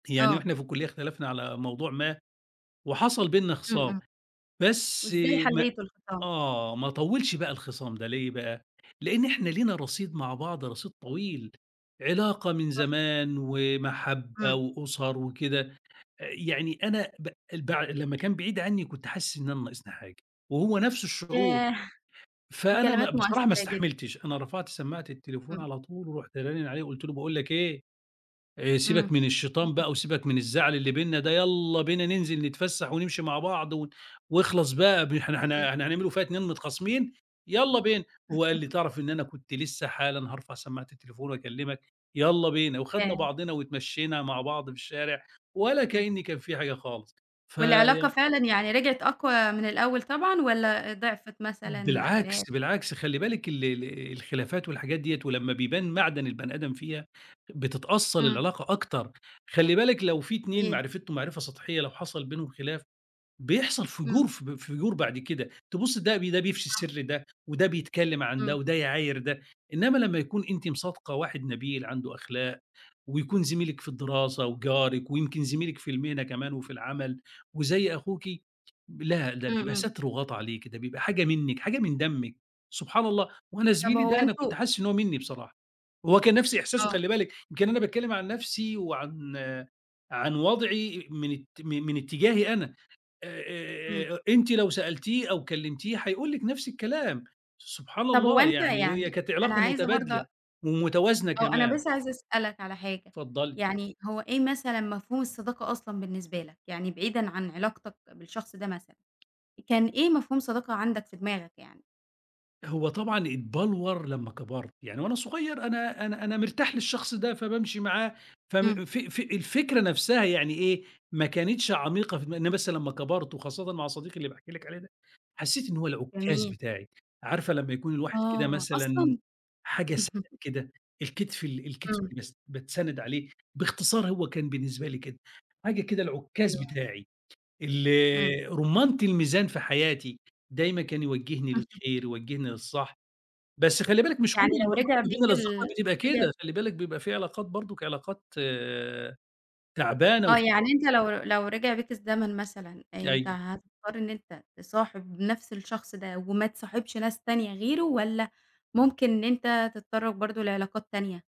يعني آه. وإحنا في الكُلِّيَّة اختلفنا على موضوع ما، وحصل بيننا امم، خِصَام، امم. بس وإزاي ما حَلّيتُوا الخِصَام؟ آه، ما طوِّلش بقى الخِصَام ده، ليه بقى؟ لإن إحنا لينا رصيد مع بعض، رصيد طويل، علاقة من تُحفة. زمان، ومَحَبَّة امم. وأُسَر وكده، آآ يعني أنا ب ال بع لمّا كان بعيد عني كنت حاسِسّ إن أنا ناقصني حاجة، وهو نفس الشُّعُور، ياه! فأنا م الكلمات بصراحة ما مؤثرة جدًا. استحملتش، أنا رفعت سمَّاعة التليفون امم. على طُول، ورُحت رانن عليه وقُلت له: "باقول لك إيه، آآ سيبك امم. من الشيطان بقى وسيبك من الزعل اللي بيننا ده، يالّا بينا ننزل نتفسَّح ونمشي مع بعض، و واخلص بقى ب إحنا حقيقي. إحنا إحنا هنعملوا فيها اتنين متخاصمين، يالّا بينا." وهو قال لي: "تعرف إن أنا كنت لسه حالًا هارفع سَمَّاعة التليفون وأكلِّمك، يالّا بينا." وخدنا ياه! بعضنا واتمَشَّينا مع بعض في الشارع، ولا امم. كأنِّي كان في حاجة خالص. في والعلاقة فعلًا يعني رجعت أقوى من الأول طبعًا، والّا ضعفت مثلًا من الخلاف؟ بالعكس، بالعكس، خلّي بالِك ال ال الخلافات والحاجات ديّة، ولمّا بيبان معدن البني آدم فيها، بتتأصل امم. العلاقة أكتر. خلّي بالِك لو في اتنين وإيه؟ معرفتهم معرفة سَطحيّة، لو حصل بينهم خلاف بيحصل امم. فُجُور فب فُجُور بعد كده، تبص ده ده بيفشي صح. سِرّ ده، وده بيتكلّم عن ده، امم. وده يعاير ده. إنّما لمّا يكون أنتِ مصادقة واحد نبيل عنده أخلاق ويكون زميلِك في الدِّراسة وجارِك ويمكن زميلِك في المهنة كمان وفي العمل، وزي أخوكِ، لا، ده امم، بيبقى امم. ستر وغَطّى عليكِ، ده بيبقى حاجة منِك، حاجة من دمِك، سبحان الله! وأنا طب زميلي هو ده، أنا كنت أنتم حاسِسّ إن هو مِنِّي بصراحة، هو كان نفس إحساسه آه. خلّي بالِك، يمكن أنا باتكلّم عن نفسي، وعن عن وضعي، إإ من ات من اتِّجاهي أنا، آآ، امم. آآ، آآ، أنتِ لو سألتيه أو كلِّمتيه هيقول لِك نفس الكلام، سبحان طب هو الله! أنت يعني هي يعني كانت أنا علاقة عايزة برضه أ مُتبادلة، ومتوازنة آه، أنا كمان. بس عايزة أسألك على حاجة، اتفضلي. يعني هو إيه مثلًا مفهوم الصّداقة أصلًا بالنسبة لك؟ يعني بعيدًا عن علاقتك بالشخص ده مثلًا، كان إيه مفهوم الصّداقة عندك، في دماغك يعني؟ هو طبعًا اتّبلوَر لمّا كَبَرت، يعني وأنا صُغير أنا أنا أنا مرتاح للشخص ده، فبامشي معاه، امم. فم ف ف الفكرة نفسها يعني إيه، ما كانتش عميقة في دماغ إن بس لمّا كَبَرت، وخاصَّةً مع صديقي اللي باحكي لِك عليه ده، حَسّيت إن هو العُكَّاز جميل. بتاعي، عارفة لمّا يكون الواحد كده آه، مثلًا، أصلًا. حاجة سند كده، الكتف ال الكتف امم. اللي بتس باتسند عليه، باختصار هو كان بالنسبة لي كده، حاجة كده العُكَّاز حلو أوي. بتاعي، ال امم. رُمَّانَة الميزان في حياتي، دايمًا كان يوَجِّهني للخير، يوَجِّهني للصح. بس خلّي بالِك مش كُلّ يعني لو العلاقات رجع ما بيك بين الأصدقاء ال بتبقى رجع كده، خلّي بالِك بيبقى في علاقات برضه علاقات تعبانة آه، وفي يعني أنت لو لو رجع بيك الزمن مثلًا، أنت أيوه. هتضطر إن أنت تصاحب نفس الشخص ده وما تصاحبش ناس تانية غيره، والّا ممكن إن أنت تتطرَّق برضه لعلاقات تانية؟